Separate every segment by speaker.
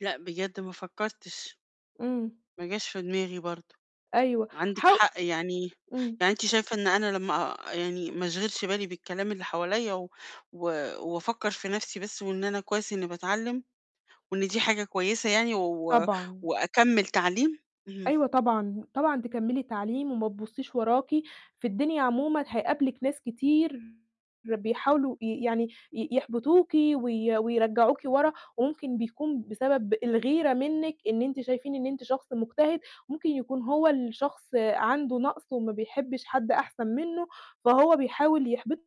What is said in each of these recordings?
Speaker 1: لأ، بجد ما فكّرتش.
Speaker 2: إمم.
Speaker 1: ما جاش في دماغي برضه.
Speaker 2: أيوه.
Speaker 1: عندِك
Speaker 2: حو
Speaker 1: حق، يعني
Speaker 2: إمم.
Speaker 1: يعني أنتِ شايفة إن أنا لمّا آآ يعني ما أشغِلش بالي بالكلام اللي حواليّا و و وأفكّر في نَفْسي بس وإن أنا كويس إنّي باتعلِّم، وإن دي حاجة كويسة يعني و
Speaker 2: طبعًا.
Speaker 1: وأكمِّل تعليم؟ اهم.
Speaker 2: أيوه طبعًا، طبعًا تكمِّلي تعليم وما تبُصّيش وراكِ، في الدنيا عمومًا هيقابلِك ناس كتير بيحاولوا ي يعني ي يحبطوكِ وي ويرجّعوكِ ورا وممكن بيكون بسبب الغيرة منِّك إن أنتِ شايفين إن أنتِ شخص مجتهد، ممكن يكون هو اللي شخص عنده نَقْص وما بيحبّش حد أحسن منّه، فهو بيحاول يحبِطِك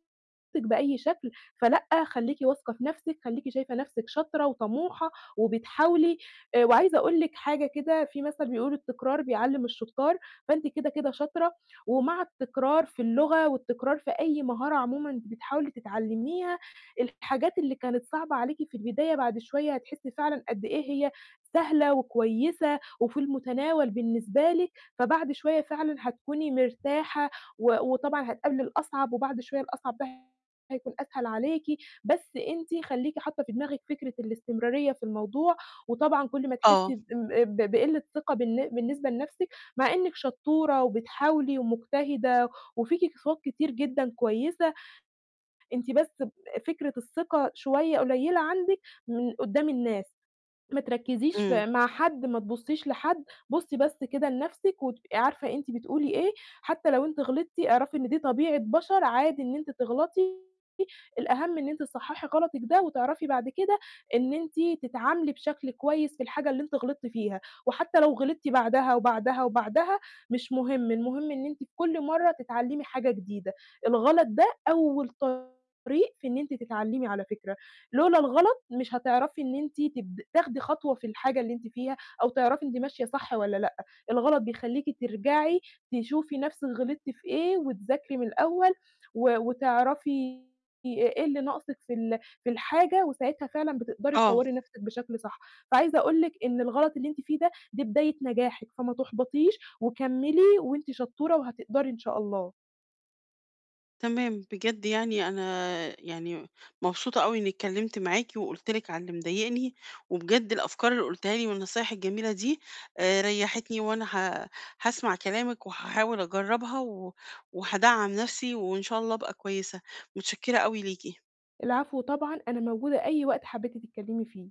Speaker 2: بأي شكل فلأ، خلّيكِ واثقة في نَفْسِك، خلّيكِ شايفة نَفْسِك شاطرة وطموحة وبتحاولي آآ، وعايزة أقول لِك حاجة كده في مثلًا بيقول التكرار بيعلِّم الشُطّار، فأنتِ كده، كده شاطرة، ومع التكرار في اللغة والتكرار في أي مهارة عمومًا بتحاولي تتعلِّميها الحاجات اللي كانت صعبة عليكِ في البداية بعد شوية هتحسّي فعلًا قد إيه هي سهلة وكويسة وفي المتناول بالنسبة لِك، فبعد شوية فعلًا هتكوني مرتاحة، و وطبعًا هتقابلي الأصعب وبعد شوية الأصعب ده هيكون أسهل عليكِ، بس أنتِ خلّيكِ حاطّة في دماغِك فكرة الاستمرارية في الموضوع، وطبعا كل ما تحسّي
Speaker 1: آه.
Speaker 2: ام ب بقِلّة ثِقَة بالن بالنسبة لنَفْسِك مع إنِّك شطّورة وبتحاولي ومجتهدة، وفيكِ صفات كتير جدًا كويسة، أنتِ بس فكرة الثِقَة شوية قليّلة عندِك من قُدّام الناس. ما تركِّزيش
Speaker 1: إمم.
Speaker 2: في مع حد، ما تبُصّيش لحد، بُصّي بس كده لنَفْسِك وتبقي عارفة أنتِ بتقولي إيه، حتّى لو أنتِ غلطتِ اعرفي إن دي طبيعة بَشَر عادي إن أنتِ تغلطي الأهَم إن أنتِ تصحّحي غلطِك ده وتعرفي بعد كده إن أنتِ تتعاملي بشكل كويس في الحاجة اللي أنتِ غلطتِ فيها، وحتّى لو غلطتِ بعدها وبعدها وبعدها مش مهم، المهم إن أنتِ في كل مرّة تتعلِّمي حاجة جديدة، الغلط ده أول طريق في إن أنتِ تتعلِّمي على فكرة، لولا الغلط مش هتعرفي إن أنتِ تب تاخدي خطوة في الحاجة اللي أنتِ فيها أو تعرفي أنتِ ماشية صح والّا لأ، الغلط بيخلّيكِ ترجعي تشوفي نَفْسِك غلطتِ في إيه وتذاكري من الأول و وتعرفي إيه اللي ناقصِك في ال في الحاجة وساعتها فعلًا بتقدري
Speaker 1: آه.
Speaker 2: تطوَّري نَفْسِك بشكل صح. فعايزة أقول لِك إن الغلط اللي أنتِ فيه ده، دي بداية نجاحِك، فما تُحبَطيش وكمِّلي وأنتِ شطّورة وهتقدري إن شاء الله.
Speaker 1: تمام. بجد يعني أنا يعني مبسوطة أو إنّي اتكلِّمت معاكِ، وقُلت لِك على اللي مضايقني، وبجد الأفكار اللي قُلتيها لي والنصايح الجميلة دي آآ، ريّحتني وأنا ه هاسمع كلامِك وهاحاول أجرّبها، و وهادعَّم نَفْسي وإن شاء الله أبقى كويسة، مُتشكِّرة أوي ليكِ.
Speaker 2: العفو طبعًا، أنا موجودة أي وقت حبّيتِ تتكلِّمي فيه.